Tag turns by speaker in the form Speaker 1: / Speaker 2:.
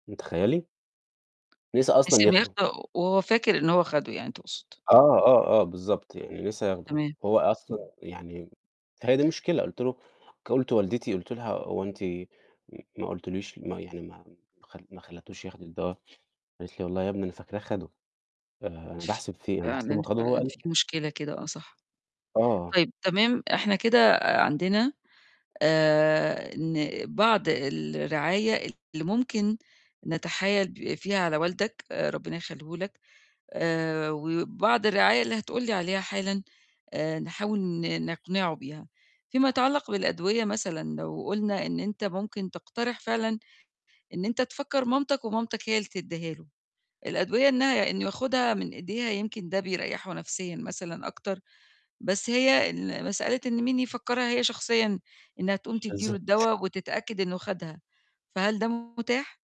Speaker 1: تخيّلي؟ نسى أصلًا
Speaker 2: نسي إن
Speaker 1: ياخده.
Speaker 2: ياخده وهو فاكر إن هو خده يعني تقصد.
Speaker 1: آه، آه، آه، بالضبط يعني نسى ياخده.
Speaker 2: تمام.
Speaker 1: هو أصلًا يعني هي دي المشكلة، قُلت له قُلت لوالدتي قُلت لها: "هو أنتِ م ما قلتليش ما يعني ما خل ما خليتوش ياخد الدوا؟" قالت لي: "والله يا ابني أنا فاكراه خده، آآ، أنا باحسب فيه أنا
Speaker 2: فعلًا،
Speaker 1: باحسبه خده هو
Speaker 2: فعلًا،
Speaker 1: قال"
Speaker 2: في مشكلة كده آه صح.
Speaker 1: آه.
Speaker 2: طيب تمام إحنا كده عندنا آآ، إن بعض الرعاية اللي ممكن نتحايل ب فيها على والدك، ربنا يخلّيه لك، آآ، وبعض الرعاية اللي هتقول لي عليها حالًا آآ، نحاول ن نقنعه بيها، فيما يتعلق بالأدوية مثلًا لو قُلنا إن أنت ممكن تقترح فعلًا إن أنت تفكر مامتك ومامتك هي اللي تدّيها له، الأدوية إنها إنه ياخدها من إيديها يمكن ده بيريّحه نفسيًا مثلًا أكتر، بس هي ال مسألة إن مين يفكّرها هي شخصيًا إنها تقوم تدّي له
Speaker 1: بالضبط.
Speaker 2: الدواء وتتأكد إنه خدها، فهل ده متاح؟